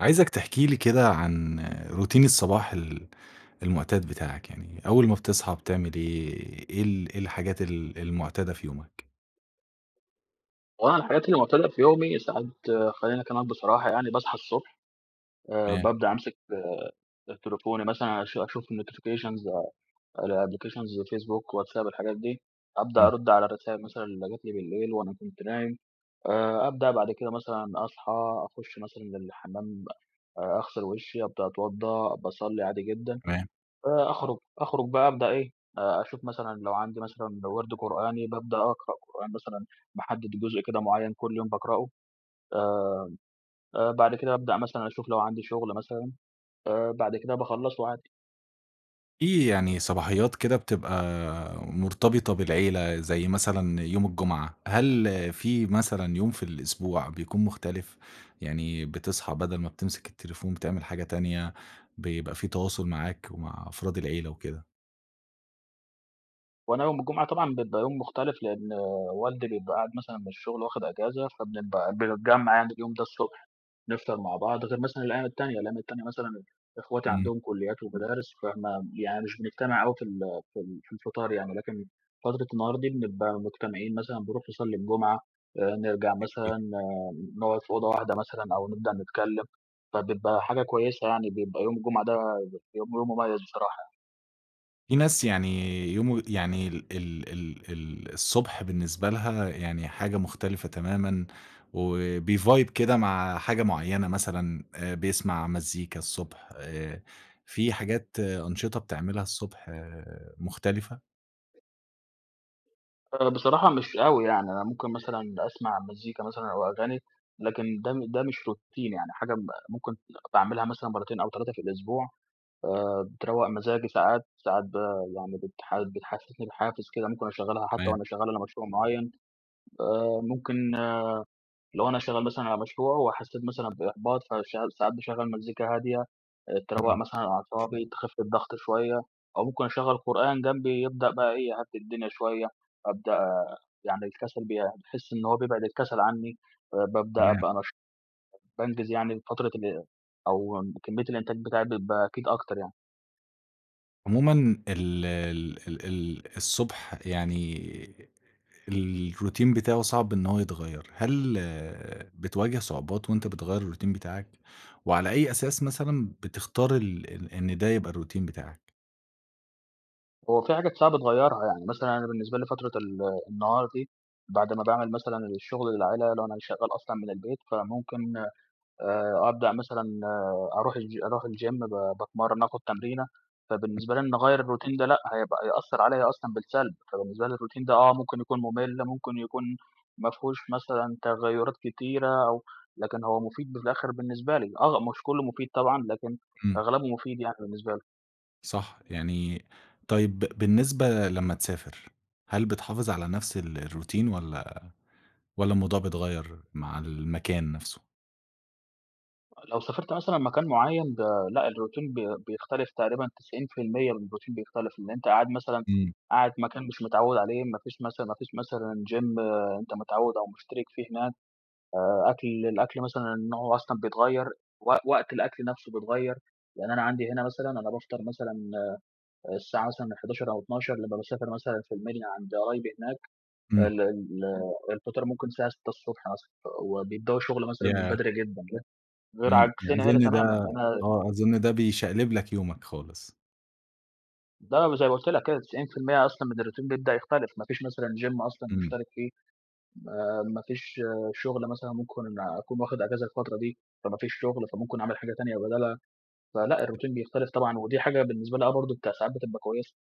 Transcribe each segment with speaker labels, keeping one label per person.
Speaker 1: عايزَك تحكي لي كده، عن روتين الصباح ال المعتاد بتاعك، يعني أول ما بتصحى بتعمل إيه، إيه ال إيه الحاجات ال المعتادة في يومك؟
Speaker 2: هو أنا الحاجات اللي معتادة في يومي ساعات خليني أكلمك بصراحة يعني، باصحى الصبح آآ
Speaker 1: تمام.
Speaker 2: بابدأ أمسك آآ، تليفوني مثلًا أش أشوف الnotifications الapplications، فيسبوك، واتساب الحاجات دي، أبدأ
Speaker 1: إمم.
Speaker 2: أرد على الرسايل مثلًا اللي جات لي بالليل وأنا كنت نايم. آآ، أبدأ بعد كده مثلًا أصحى، أخش مثلًا للحمّام أغسل وشي، أبدأ أتوضى، باصلي عادي جدًا.
Speaker 1: تمام.
Speaker 2: آآ، أخرج أخرج بقى أبدأ إيه، أ أشوف مثلًا لو عندي مثلًا وِرد قرآني بابدأ أقرأ قرآن مثلًا، باحدد جزء كده معين كل يوم باقرأه. آآ، آآ، بعد كده أبدأ مثلًا أشوف لو عندي شغل مثلًا، آآ، بعد كده باخلصه عادي.
Speaker 1: في يعني صباحيات كده، بتبقى مرتبطة بالعيلة زي مثلًا يوم الجمعة. هل في مثلًا يوم في الأسبوع بيكون مختلف، يعني بتصحى بدل ما بتمسك التليفون بتعمل حاجة تانية، بيبقى في تواصل معاك ومع أفراد العيلة وكده؟
Speaker 2: هو أنا يوم الجمعة طبعًا بيبقى يوم مختلف، لأن والدي بيبقى قاعد مثلًا من الشغل واخد إجازة، فبنبقى بنتجمع يعني اليوم ده الصبح، نفطر مع بعض. غير مثلًا الأيّام التانية، الأيام التانية مثلًا أخواتي
Speaker 1: امم.
Speaker 2: عندهم كليات ومدارس، فما يعني مش بنجتمع أوي في ال في ال في الفطار يعني. لكن فترة النهار دي بنبقى مجتمعين، مثلًا بنروح نصلي الجمعة، آآ، نرجع مثلًا
Speaker 1: [unintelligible]
Speaker 2: نقعد في أوضة واحدة مثلًا أو نبدأ نتكلم. فبيبقى حاجة كويسة، يعني بيبقى يوم الجمعة ده يوم يوم مميز بصراحة يعني.
Speaker 1: في ناس يعني يوم يعني ال ال ال ال الصبح بالنسبة لها يعني حاجة مختلفة تمامًا، وبيvibe كده مع حاجة معيّنة، مثلًا بيسمع مزيكا الصبح. آآ، في حاجات أنشطة بتعملها الصبح، مختلفة؟
Speaker 2: آآ، بصراحة مش أوي يعني. أنا ممكن مثلًا أسمع مزيكا مثلًا أو أغاني، لكن ده م ده مش روتين يعني حاجة م ممكن باعملها مثلًا مرتين أو 3 في الأسبوع، آآ، بتروّق مزاجي ساعات. ساعات ب يعني بتح بتحسسني بحافز كده، ممكن أشغلها حتى
Speaker 1: تمام.
Speaker 2: وأنا شغال على مشروع معين. آآ، ممكن لو أنا شغال مثلًا على مشروع وحسيت مثلًا بإحباط، فشع ساعات باشغل مزيكا هادية، آآ، تروق
Speaker 1: إمم.
Speaker 2: مثلًا أعصابي، تخف الضغط شويّة، أو ممكن أشغل قرآن جنبي يبدأ بقى إيه، يهدي الدنيا شوية. أبدأ يعني الكسل بي باحس إن هو بيبعد الكسل عنّي. آآ، بابدأ
Speaker 1: تمام.
Speaker 2: أبقى نشيط [unintelligible] بانجز يعني فترة ال أو كمية الإنتاج بتاعي بيبقى أكيد أكتر يعني.
Speaker 1: عمومًا ال ال ال ال الصبح يعني، الروتين بتاعه صعب إنه هو يتغيّر. هل بتواجه صعوبات وأنت بتغيّر الروتين بتاعك؟ وعلى أي أساس مثلًا بتختار ال إن ده يبقى الروتين بتاعك؟
Speaker 2: هو في حاجات صعب تغيرها، يعني مثلًا أنا بالنسبة لي فترة ال النهار دي بعد ما باعمل مثلًا الشغل اللي عليَّ، لو أنا شغّال أصلًا من البيت، فممكن آآ أبدأ مثلًا أروح الچ أروح الgym ب باتمرن، آخد تمرينة،
Speaker 1: ام
Speaker 2: فبالنسبة لي إن أغير الروتين ده، لأ، هيبقى هيأثر عليَّ أصلًا بالسلب. فبالنسبة لي الروتين ده آه، ممكن يكون ممل، ممكن يكون ما فيهوش مثلًا تغيرات كتيرة أو لكن هو مفيد بالآخر بالنسبة لي. آه، مش كلّه مفيد طبعًا، لكن
Speaker 1: امم.
Speaker 2: أغلبه مفيد يعني بالنسبة لي.
Speaker 1: صح، يعني طيب بالنسبة لمّا تسافر، هل بتحافظ على نفس ال الروتين والّا والّا الموضوع بيتغير مع المكان نفسه؟
Speaker 2: لو سافرت مثلًا مكان معيّن ب لأ، الروتين بي بيختلف، تقريبًا 90% من الروتين بيختلف. إن أنت قاعد مثلًا،
Speaker 1: امم.
Speaker 2: قاعد مكان مش متعوّد عليه، ما فيش مثلًا ما فيش مثلًا gym أنت متعوّد أو مشترِك فيه هناك. آآ، أكل الأكل مثلًا نوعه أصلًا بيتغير، وق وقت الأكل نفسه بيتغير. لأن أنا عندي هنا مثلًا أنا بافطر مثلًا آآ، الساعة مثلًا من 11:00 أو 12:00، لما باسافر مثلًا في المنيا عند قرايبي هناك،
Speaker 1: امم.
Speaker 2: ال ال الفطار ممكن الساعة 6:00 ص مثلًا، وبيبدؤوا الشغل مثلًا من
Speaker 1: ياه!
Speaker 2: بدري جدًا، جدًا. غير
Speaker 1: امم،
Speaker 2: عكسنا هنا
Speaker 1: أظن
Speaker 2: تمامًا.
Speaker 1: ده
Speaker 2: هنا
Speaker 1: آه، أظن ده بيشقلب لك يومك خالص.
Speaker 2: ده وزي ما قلت لك كده، 90% أصلًا من الروتين بيبدأ يختلف. ما فيش مثلًا gym أصلًا
Speaker 1: إمم.
Speaker 2: مشترِك فيه، ما ما فيش شغل مثلًا، ممكن أكون واخد أجازة الفترة دي، فما فيش شغل، فممكن أعمل حاجة تانية بدالها. فلأ، الروتين بيختلف طبعًا ودي حاجة بالنسبة لي آه، برضه ساعات بتبقى كويسه.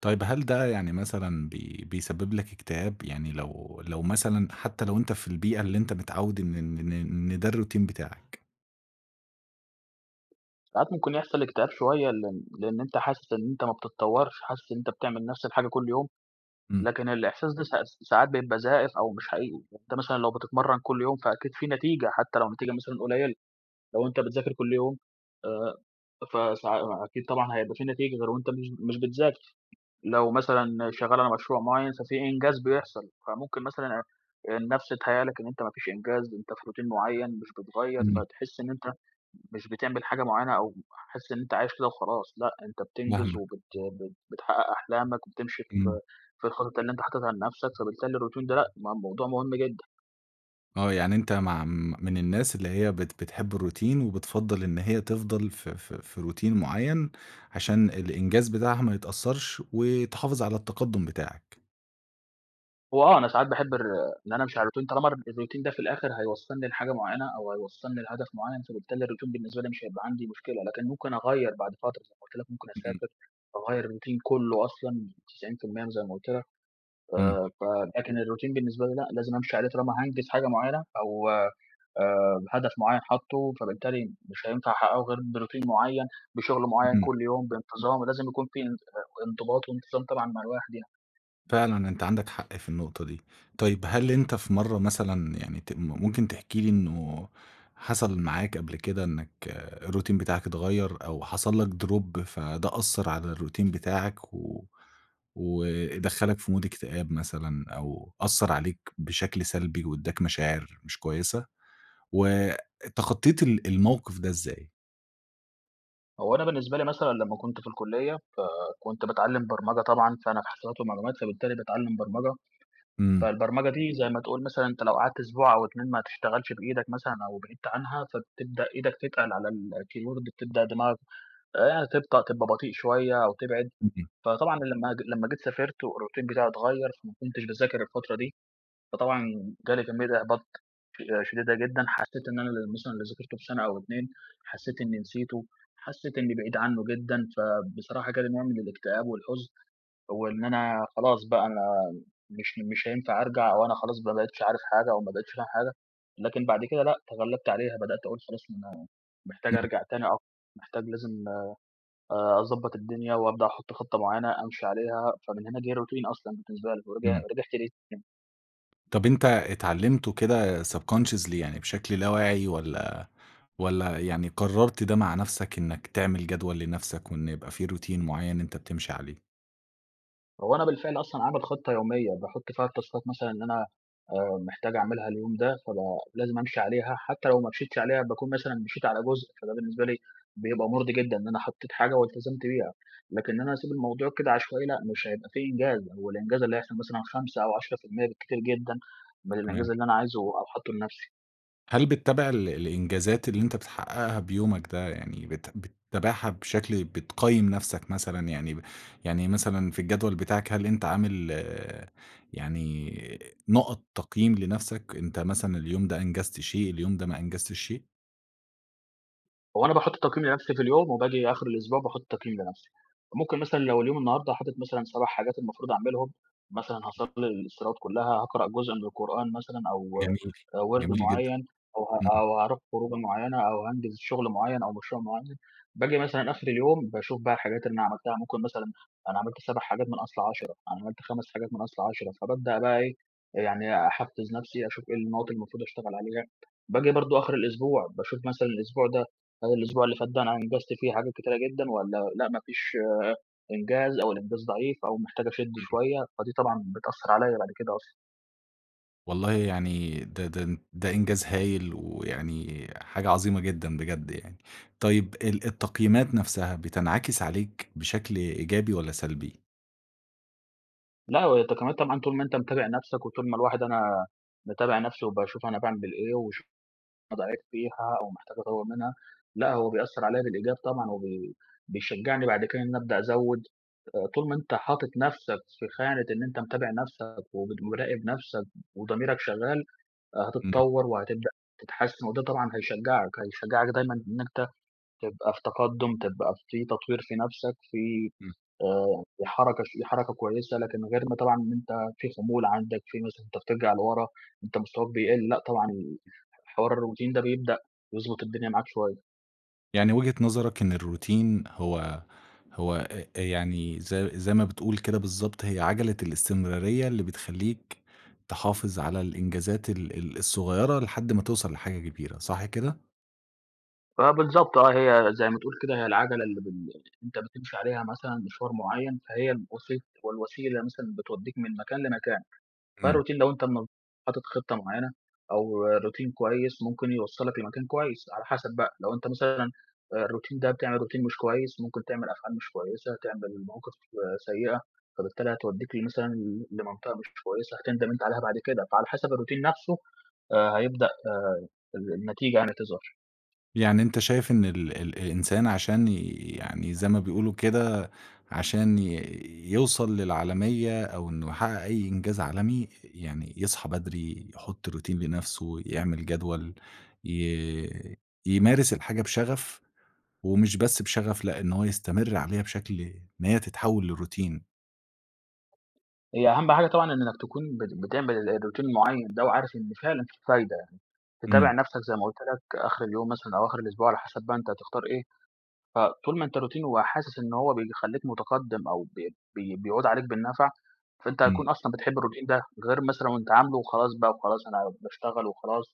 Speaker 1: طيب هل ده يعني مثلًا بي بيسبب لك إكتئاب؟ يعني لو لو مثلًا حتى لو أنت في البيئة، اللي أنت متعود إن إن إن إن ده الروتين بتاعك.
Speaker 2: ساعات ممكن يحصل اكتئاب شوية، لأن لأن أنت حاسس إن أنت ما بتتطورش، حاسس إن أنت بتعمل نفس الحاجة كل يوم،
Speaker 1: إمم.
Speaker 2: لكن الإحساس ده س س ساعات بيبقى زائف أو مش حقيقي. أنت مثلًا لو بتتمرن كل يوم، فأكيد في نتيجة حتى لو نتيجة مثلًا قليلة، لو أنت بتذاكر كل يوم، آآ فسا آآ أكيد طبعًا هيبقى في نتيجة غير وأنت مش مش بتذاكر، لو مثلًا شغال على مشروع معين، ففي إنجاز بيحصل. فممكن مثلًا آآ، النفس تهيأ لك ان أنت ما فيش إنجاز، أنت في روتين معين مش بتغيّر،
Speaker 1: إمم.
Speaker 2: فتحس إن أنت مش بتعمل حاجة معينة أو حاسس إن أنت عايش كده وخلاص. لأ، أنت بتنجز
Speaker 1: فاهمك.
Speaker 2: وبت بت بتحقق أحلامك وبتمشي في
Speaker 1: إمم.
Speaker 2: في الخطط اللي أنت حاططها لنفسك. فبالتالي الروتين ده لأ، م موضوع مهم جدًا.
Speaker 1: آه، يعني أنت مع م من الناس اللي هي بت بتحب الروتين وبتفضّل إن هي تفضل ف ف في روتين معين، عشان الإنجاز بتاعها ما يتأثرش، وتحافظ على التقدم بتاعك.
Speaker 2: هو آه، أنا ساعات باحب الر إن أنا أمشي على الروتين طالما الر الروتين ده في الأخر هيوصلني لحاجة معينة أو هيوصلني لهدف معين، فبالتالي الروتين بالنسبة لي مش هيبقى عندي مشكلة. لكن ممكن أغيّر بعد فترة، زي ما قلت لك، ممكن
Speaker 1: إمم، إمم.
Speaker 2: أسافر وأغيّر الروتين كله أصلًا 90% م زي ما قلت لك.
Speaker 1: إمم.
Speaker 2: آآ، فده كان الروتين بالنسبة لي لأ، لازم أمشي عليه طالما هانجز حاجة معينة أو آآ هدف معين حاطه، فبالتالي مش هينفع أحققه غير بروتين معين، بشغل معين
Speaker 1: إمم.
Speaker 2: كل يوم بانتظام، ولازم يكون في انض آآ، انضباط وانتظام طبعًا مع الواحد يعني.
Speaker 1: فعلًا، أنت عندك حق في النقطة دي. طيب هل أنت في مرّة مثلًا يعني ت ممكن تحكي لي إنه حصل معاك قبل كده، إنك الروتين بتاعك اتغير أو حصل لك دروب فده أثر على الروتين بتاعك و ودخّلك في مود اكتئاب مثلًا، أو أثر عليك بشكل سلبي واداك مشاعر مش كويسة؟ واتخطيت ال الموقف ده إزاي؟
Speaker 2: هو أنا بالنسبة لي مثلًا لما كنت في الكلية، فكنت باتعلم برمجة طبعًا، فأنا في حاسبات ومعلومات فبالتالي باتعلم برمجة.
Speaker 1: إمم.
Speaker 2: فالبرمجة دي زي ما تقول مثلًا أنت لو قعدت أسبوع أو 2 ما تشتغلش بإيدك مثلًا أو بعدت عنها فتبدأ إيدك تتقل على الكيبورد بتبدأ دماغك، آآ يعني تبطأ تبقى بطيء شوية أو تبعد.
Speaker 1: اهم.
Speaker 2: فطبعًا أنا لما ج لما جيت سافرت والروتين بتاعي اتغير فما كنتش باذاكر الفترة دي، فطبعًا جالي كمية إحباط ش شديدة جدًا حسيت إن أنا مثلًا اللي ذاكرته في سنة أو 2 حسيت إني نسيته، حسيت إني بعيد عنه جدًا. فبصراحة جالي نوع من الاكتئاب والحزن، وإن أنا خلاص بقى أنا مش مش هينفع أرجع وأنا خلاص بقى ما بقيتش عارف حاجة أو ما بقيتش فاهم حاجة. لكن بعد كده لأ، تغلبت عليها، بدأت أقول خلاص أنا محتاج
Speaker 1: امم.
Speaker 2: أرجَع تاني أو محتاج لازم، آآ، أضبّط الدنيا وأبدأ أحط خطة معينة أمشي عليها. فمن هنا جه الروتين أصلًا بالنسبة لي، ورجع
Speaker 1: امم.
Speaker 2: ورجعت ليه [unintelligible]
Speaker 1: طب أنت اتعلمته كده subconsciously يعني بشكل لا واعي، والّا والّا يعني قررت ده مع نفْسك، إنك تعمل جدول لنفْسك وإن يبقى في روتين معيّن أنت بتمشي عليه؟
Speaker 2: هو أنا بالفعل أصلًا عامل خطّة يوميّة، باحط فيها التاسكات مثلًا اللي أنا، آآ، محتاج أعملها اليوم ده. فبقى لازم أمشي عليها، حتى لو ما مشيتش عليها باكون مثلًا مشيت على جزء، فده بالنسبة لي بيبقى مُرضي جدًا، إن أنا حطيت حاجة والتزمت بيها. لكن إن أنا أسيب الموضوع كده عشوائي، لأ، مش هيبقى في إنجاز، هو الإنجاز اللي هيحصل مثلًا 5 أو 10% بالكتير جدًا، من
Speaker 1: تمام.
Speaker 2: الإنجاز اللي أنا عايزه أو حاطه لنفسي.
Speaker 1: هل بتتابع ال الإنجازات اللي أنت بتحققها بيومك ده، يعني بت بتتابعها بشكل بتقيّم نفسك مثلًا، يعني ب يعني مثلًا، في الجدول بتاعك هل أنت عامل يعني نقط تقييم لنفسك، أنت مثلًا اليوم ده أنجزت شيء، اليوم ده ما أنجزتش شيء؟
Speaker 2: هو أنا باحط التقييم لنفسي في اليوم، وباجي آخر الأسبوع باحط تقييم لنفسي. ممكن مثلًا لو اليوم النهارده حاطط مثلًا 7 حاجات المفروض أعملهم، مثلًا هاصلي الصلوات كلها، هقرأ جزء من القرآن مثلًا أو
Speaker 1: جميل،
Speaker 2: آآ، وِرد
Speaker 1: جميل جدًا.
Speaker 2: معيّن أو ه
Speaker 1: امم.
Speaker 2: أو هاروح خروجة معيّنة أو هانجز شغل معيّن أو مشروع معيّن. باجي مثلًا آخر اليوم باشوف بقى الحاجات اللي أنا عملتها، ممكن مثلًا أنا عملت 7 حاجات من أصل 10، أنا عملت 5 حاجات من أصل 10. فبابدأ بقى إيه، آآ، يعني أحفز نفسي، أشوف إيه النقط اللي المفروض أشتغل عليها. باجي برضو آخر الأسبوع، باشوف مثلًا الأسبوع ده هل الأسبوع اللي فات ده أنا أنجزت فيه حاجات كتيرة جدًا والّا لأ ما فيش إنجاز أو الإنجاز ضعيف أو محتاج أشدّ
Speaker 1: امم.
Speaker 2: شوية، فدي طبعًا بتأثرعليَّ بعد كده أصلًا.
Speaker 1: والله يعني ده ده ده إنجاز هايل، ويعني حاجة عظيمة جدًا بجد يعني. طيّب ال التقييمات نفْسها بتنعكس عليك بشكل إيجابي والّا سلبي؟
Speaker 2: لأ، هو أنت كمان طبعًا طول ما أنت متابع نفْسك، وطول ما الواحد أنا باتابع نفْسي وباشوف أنا باعمل إيه وأشوف [unintelligible] أنا ضعيف فيها أو محتاج أطوّر منها. لأ، هو بيأثر
Speaker 1: [unintelligible]
Speaker 2: عليّا بالإيجاب طبعًا، وبي بيشجعني بعد كده إن أبدأ أزوّد، آآ طول ما أنت حاطط نفْسك في خانة إن أنت متابع نفْسك ومراقب نفْسك وضميرك شغّال، آآ
Speaker 1: امم.
Speaker 2: هتتطوّر وهتبدأ تتحسّن وده طبعًا هيشجّعك، هيشجّعك دايمًا إنّ أنت تبقى في تقدّم، تبقى في تطوير في نفْسك، في
Speaker 1: امم.
Speaker 2: آآ في حركة ش في حركة كويّسة، لكن غير ما طبعًا إن أنت في خمول عندك، في مثلًا أنت بترجَع لورا أنت مستواك بيقل، لأ، طبعًا
Speaker 1: [unintelligible]
Speaker 2: ح حوار الروتين ده بيبدأ يضبط الدنيا معاك شوية.
Speaker 1: يعني وجهة نظرك إن الروتين هو هو آآ يعني زي زي ما بتقول كده بالضبط هي عجَلة الاستمرارية، اللي بتخلّيك تحافظ على الإنجازات ال ال الصغيّرة لحد ما توصَل لحاجة كبيرة، صح كده؟
Speaker 2: فبالضبط آه، هي زَي ما تقول كده هي العجَلة اللي بل أنت بتمشي عليها مثلًا مشوار معيّن، فهي الوسيط والوسيلة مثلًا، بتودّيك من مكان لمكان.
Speaker 1: إمم.
Speaker 2: فالروتين لو أنت م حاطط خطّة معيّنة أو روتين كويس ممكن يوصّلك لمكان كويس على حَسب بقى، لو أنت مثلًا، آآ، الروتين ده بتعمل روتين مش كويس، ممكن تعمل أفعال مش كويسة، تعمل مواقف سيئة، فبالتالي هتودّيك مثلًا ل لمنطقة مش كويسة هتندَم أنت عليها بعد كده. فعلى حَسب الروتين نفْسه، آآ، هيبدأ آآ ال النتيجة يعني تظهر.
Speaker 1: يعني أنت شايف إن ال الإنسان عشان ي يعني، زَي ما بيقولوا كده، عشان ي يوصَل للعالمية أو إنّه يحقق أي إنجاز عالمي، ي يعني يصحى بدري، يحط روتين لنفْسه، يعمل جدول، ي يمارس الحاجة بشغف ومش بس بشغف، لأ، إن هو يستمر عليها بشكل إن هي تتحول للروتين.
Speaker 2: هي أهم حاجة طبعًا إنّك تكون بت بتعمل ال الروتين المعيّن ده، وعارف إن فعلًا فيه فايدة يعني. تتابع
Speaker 1: إمم.
Speaker 2: نفْسك زي ما قُلت لك آخر اليوم مثلًا أو آخر الأسبوع، على حَسب بقى أنت هتختار إيه. فطول ما أنت روتين وحاسس إن هو بيخلّيك متقدّم أو ب بي بيعود عليك بالنفع، فأنت
Speaker 1: امم.
Speaker 2: هتكون أصلًا بتحب الروتين ده. غير مثلًا وأنت عاملُه وخلاص بقى وخلاص، أنا باشتغل وخلاص،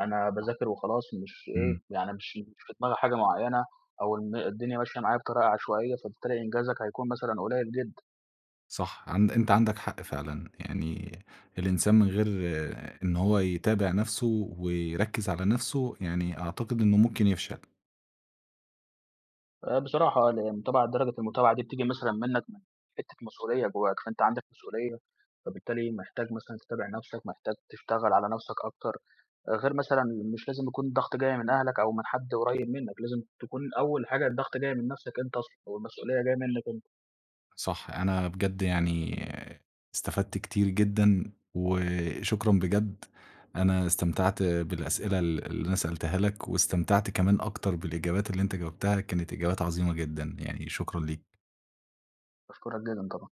Speaker 2: أنا
Speaker 1: صح،
Speaker 2: باذاكر وخلاص مش إيه،
Speaker 1: اهم.
Speaker 2: يعني مش مش في دماغي حاجة معيّنة، أو إن الدنيا ماشية معايا بطريقة عشوائية، فبالتالي إنجازك هيكون مثلًا قليل جدًا.
Speaker 1: صح، عن أنت عندك حق فعلًا. يعني الإنسان من غير إن هو يتابع نفْسه ويركّز على نفْسه، يعني أعتقد إنّه ممكن يفشل.
Speaker 2: آآ، بصراحة آه، لإن طبعًا درجة المتابعة دي بتيجي مثلًا منّك من حتة مسؤولية جوّاك، فأنت عندك مسؤولية فبالتالي محتاج مثلًا تتابع نفْسك، محتاج تشتغل على نفْسك أكتر. آآ غير مثلًا مش لازم يكون الضغط جاي من أهلك أو من حد قريب منّك، لازم تكون أول حاجة الضغط جاي من نفْسك أنت أصلًا، أو المسؤوليّة جايّة منّك أنت.
Speaker 1: صح، أنا بجد يعني استفدْت كتير جدًا، وشكرًا بجد. أنا استمتعْت بالأسئلة ال اللي أنا سألتها لك، واستمتعْت كمان أكتر بالإجابات اللي أنت جاوبْتها كانت إجابات عظيمة جدًا يعني، شكرًا ليك.
Speaker 2: باشكرك جدًا طبعًا.